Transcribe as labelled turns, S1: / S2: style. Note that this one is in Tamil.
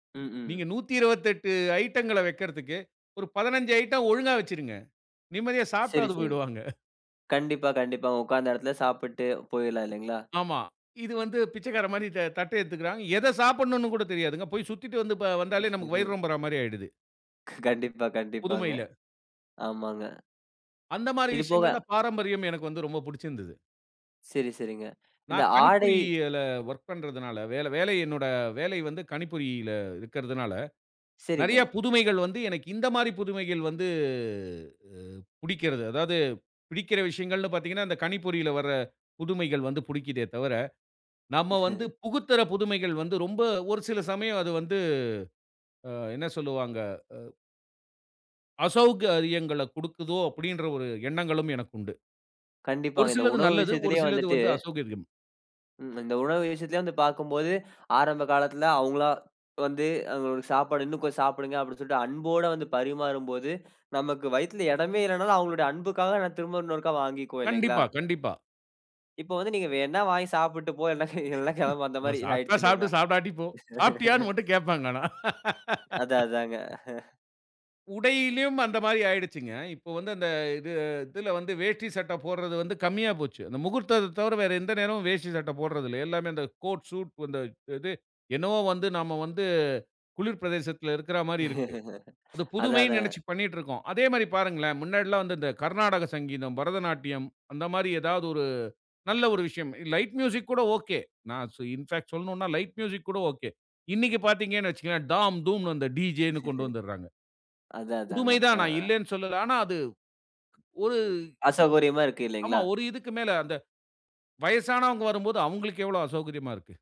S1: ம், ம்.
S2: நீங்க 128 ஐட்டங்கள வைக்கிறத்துக்கு, ஒரு 15 ஐட்டம் ஒழுங்கா வச்சுருங்க. நிம்மதியா
S1: சரி,
S2: சாப்டாவது
S1: சரி.
S2: போயிடுவாங்க
S1: கண்டிப்பா, கண்டிப்பா. உட்காந்த இடத்துல சாப்புட்டு போயிட்லாம் இல்லேங்களா!
S2: ஆமா. இது வந்து பிச்சைக்காரன்மாரி த தட்ட எடுத்துக்குறாங்க. எத சாப்புட்ன்னு கூட தெரியாதுங்க. போய் சுத்திட்டு வந்து ப வந்தாலே நமக்கு வயிறு
S1: [unintelligible]
S2: ரொம்புறமாரி ஆயிடுது.
S1: கண்டிப்பா, கண்டிப்பாங்க.
S2: புதுமையில.
S1: ஆமாங்க.
S2: அந்தமாரி
S1: இது போக
S2: விஷயங்கல்ல பாரம்பரியம் எனக்கு வந்து ரொம்ப புடிச்சுருந்தது.
S1: சரி, சரிங்க. இந்த
S2: நான்
S1: ஆடை
S2: கணிப்பொறியியல ஒர்க் பண்றதுனால வேல வேலை வேலை என்னோட வேலை வந்து கணிப்பொறியில இருக்குறதுனால, நிறைய
S1: சரிங்க.
S2: புதுமைகள் வந்து, எனக்கு இந்தமாரி புதுமைகள் வந்து அ புடிக்கிறது. அதாவது பிடிக்கிற விஷயங்கள்ன்னு பாத்தீங்கன்னா, இந்த கணிப்பொறியில வர புதுமைகள் வந்து புடிக்கிதே தவர, நம்ம வந்து புகுத்துற புதுமைகள் வந்து ரொம்ப ஒரு சில சமயம் அது வந்து அ என்ன சொல்வாங்க. அ "அசௌகரியங்கள குடுக்குதோ!" அப்பிடின்ற ஒரு எண்ணங்களும் எனக்கு உண்டு. ஒரு
S1: கண்டிப்பாங்க. இந்த
S2: சிலது
S1: உணவு
S2: நல்லது. ஒரு
S1: விஷயத்திலேயே
S2: சிலது
S1: வந்துட்டு
S2: வந்து அசெளகரியம்.
S1: ம், இந்த உணவு விஷயத்திலே வந்து பாக்கும்போது, ஆரம்ப காலத்துல அவுங்களா வந்து சாப்பாடு இன்னும் கொஞ்ச சாப்புடுங்க! அப்பிடி சொல்ட்டு அன்போட வந்து பரிமாறும் போது நமக்கு வயித்துல இடமே இல்லனாலும் அவுங்களுடைய அன்புக்காக திரும்ப இன்னொருக்கா வாங்கிக்குவோம் இல்லேங்களா!
S2: கண்டிப்பா, கண்டிப்பா.
S1: இப்ப வந்து நீங்க வேணா வாங்கி சாப்புட்டு போ. [unintelligible] இல்ல கிளம்பு,
S2: [unintelligible]
S1: அந்தமாரி ஆயிடுச்சு
S2: சாப்புடு,
S1: இல்லேங்களா!
S2: சாப்டாட்டி போ! சாப்டியான்னு மட்டும் கேப்பாங்க, ஆனா
S1: அதான், அதாங்க
S2: உடையிலயும் அந்தமாரி ஆயிடுச்சிங்க. இப்போ வந்து அந்த இது இதில வந்து வேஷ்டி சட்ட போட்றது வந்து கம்மியா போச்சு. அந்த முகூர்த்தத்த தவர, வேற எந்த நேரமும் வேஷ்டி சட்ட போட்றதில்ல. எல்லாமே அந்த கோட் ஷூட் இந்த இது என்னவோ வந்து நாம வந்து குளிர் பிரதேசத்தில இருக்குறமாரி இருக்கு. அது
S1: அதான்,
S2: புதுமைன்னு நினைச்சு
S1: அதாங்க.
S2: பண்ணிட்டிருக்கோம். அதேமாரி பாருங்களேன்! முன்னாடிலாம் வந்து இந்த கர்நாடக சங்கீதம், பரதநாட்டியம் அந்தமாரி ஏதாது ஒரு நல்ல ஒரு விஷயம். லைட் மியூசிக் கூட ஒகே. நான் சோ இன்ஃபாக் சொல்லனுன்னா லைட் மியூசிக் கூட ஒகே. இன்னக்கி பாத்தீங்கன்னு வச்சுக்கவே, தாம் தூம்ன்னு அந்த டிஜேனு கொண்டு வந்துர்றாங்க.
S1: அதான், அதாங்க.
S2: புதுமை
S1: அ,
S2: தான் நான்
S1: ஆ.
S2: இல்லேன்னு சொல்லலா. ஆனா, அது ஒரு
S1: அசௌகரியமா இருக்கு
S2: ஆமா
S1: இல்லேங்களா!
S2: ஒரு இதுக்கு மேல அந்த வயசனவுங்க வரும்போது, அவுங்களுக்கு எவ்ளோ அசௌகரியமா இருக்கு.